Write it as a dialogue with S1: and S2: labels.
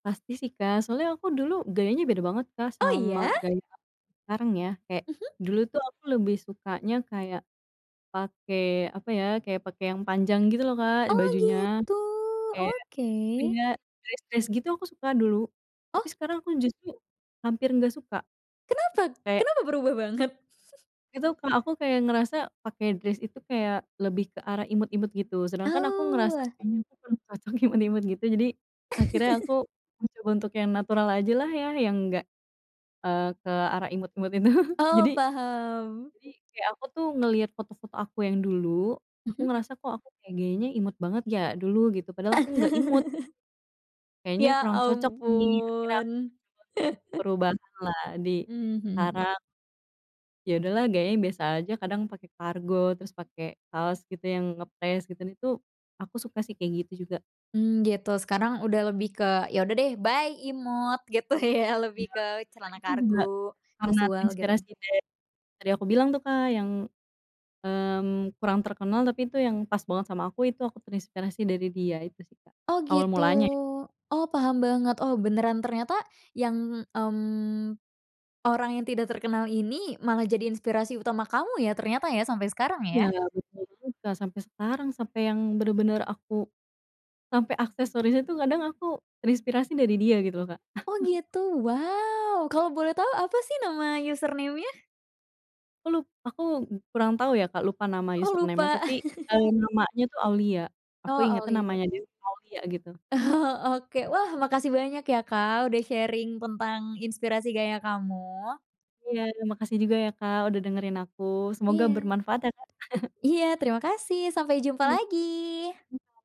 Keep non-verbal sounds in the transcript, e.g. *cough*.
S1: Pasti sih Kak, soalnya aku dulu gayanya beda banget Kak,
S2: Oh
S1: sama
S2: iya?
S1: gaya aku yang sekarang ya. Kayak
S2: Mhm.
S1: dulu tuh aku lebih sukanya kayak, pakai apa ya, kayak pakai yang panjang gitu loh Kak
S2: Oh,
S1: bajunya.
S2: gitu,
S1: Kayak,
S2: oke.
S1: iya, dress dress gitu aku suka dulu, tapi
S2: Oh.
S1: sekarang aku justru hampir nggak suka.
S2: Kenapa
S1: Kayak
S2: kenapa berubah banget? *chuckles*
S1: itu Kak, aku kayak ngerasa pakai dress itu kayak lebih ke arah imut-imut gitu. Sedangkan aku
S2: Oh,
S1: ngerasa
S2: wah.
S1: kayaknya aku kurang cocok imut-imut gitu, jadi akhirnya aku
S2: *chuckles*
S1: mencoba untuk yang natural ajalah ya, yang enggak e ke arah imut-imut itu.
S2: Oh,
S1: Jadi,
S2: paham.
S1: jadi kayak aku tuh ngelihat foto-foto aku yang dulu, aku
S2: Mhm.
S1: ngerasa kok aku kayak gayanya imut banget ya dulu, gitu. Padahal aku nggak imut.
S2: *chuckles*
S1: Kayaknya
S2: Ya
S1: kurang cocok nih, akhirnya
S2: ampun.
S1: aku mencoba untuk
S2: *chuckles*
S1: perubahanlah di
S2: Mmm, mhm.
S1: sekarang. Iya udahlah gayanya biasa aja kadang pakai kargo, terus pakai kaos gitu yang ngepres, gitu, itu, aku suka sih kayak gitu juga.
S2: Mmm gitu, sekarang udah lebih ke ya udah deh, "bye imut!" Gitu ya? Lebih
S1: Iya
S2: ke
S1: bener,
S2: celana
S1: itu juga
S2: kargo,
S1: karena
S2: kasual gitu ya?
S1: terinspirasi dari tadi aku bilang tuh Kak, yang mmm kurang terkenal, tapi itu yang pas banget sama aku, itu aku terinspirasi dari dia, itu sih Kak.
S2: Oh
S1: Awal
S2: gitu,
S1: mulanya ya.
S2: oh paham banget. Oh beneran, ternyata yang mmm, orang yang tidak terkenal ini malah jadi inspirasi utama kamu ya, ternyata ya, sampai sekarang ya?
S1: Iya, betul juga, sampai sekarang, sampai yang bener-bener aku, sampai aksesorisnya itu kadang aku terinspirasi dari dia gitu loh Kak.
S2: Oh
S1: *chuckles*
S2: gitu, wow! Kalau boleh tahu apa sih nama username-nya?
S1: Aku lup aku kurang tahu ya Kak, lupa nama
S2: Oh,
S1: username nya
S2: lupa?
S1: tapi e
S2: *chuckles*
S1: namanya tuh Aulia.
S2: Oh,
S1: Aku ingetnya
S2: Aulia.
S1: namanya dia tuh Aulia gitu.
S2: Oh, oke. Wah, makasih banyak ya Kak, udah sharing tentang inspirasi gaya kamu.
S1: Iya, terima kasih juga ya Kak, udah dengerin aku. Semoga
S2: Iya.
S1: bermanfaat ya Kak. *chuckles*
S2: Iya, terima kasih. Sampai jumpa
S1: Iya,
S2: lagi.
S1: siap.